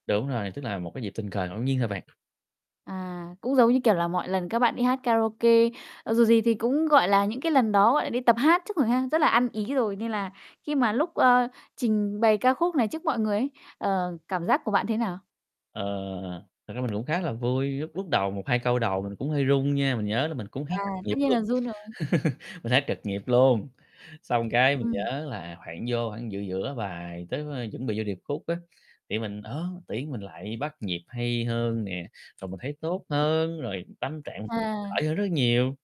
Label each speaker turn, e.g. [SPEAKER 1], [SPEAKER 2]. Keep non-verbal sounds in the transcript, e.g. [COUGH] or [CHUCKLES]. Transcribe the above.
[SPEAKER 1] Đúng rồi, tức là một cái dịp tình cờ ngẫu nhiên thôi bạn.
[SPEAKER 2] À, cũng giống như, kiểu là, mọi lần các bạn đi hát karaoke, ờ, dù gì thì cũng, gọi là, những cái lần đó, gọi là, đi tập hát trước rồi ha, rất là ăn ý
[SPEAKER 1] [CHUCKLES]
[SPEAKER 2] rồi, nên là khi mà lúc, ơ, trình bày ca khúc này trước mọi người ấy, ờ, cảm giác của bạn thế nào?
[SPEAKER 1] Ờ, thật ra mình cũng khá là vui, lúc lúc đầu một hai câu đầu mình cũng hơi run nha, mình nhớ là mình cũng hát
[SPEAKER 2] À,
[SPEAKER 1] trật nhịp
[SPEAKER 2] tất nhiên
[SPEAKER 1] luôn
[SPEAKER 2] là run rồi.
[SPEAKER 1] [LAUGHS] mình hát trật nhịp luôn. Xong cái mình
[SPEAKER 2] Ừm.
[SPEAKER 1] nhớ là khoảng vô khoảng giữa giữa bài tới, ơ, chuẩn bị vô điệp khúc á, thì mình, ơ, tự nhiên mình lại bắt nhịp hay hơn nè, rồi mình thấy tốt hơn, rồi tâm trạng
[SPEAKER 2] À.
[SPEAKER 1] khỏi hơn rất nhiều.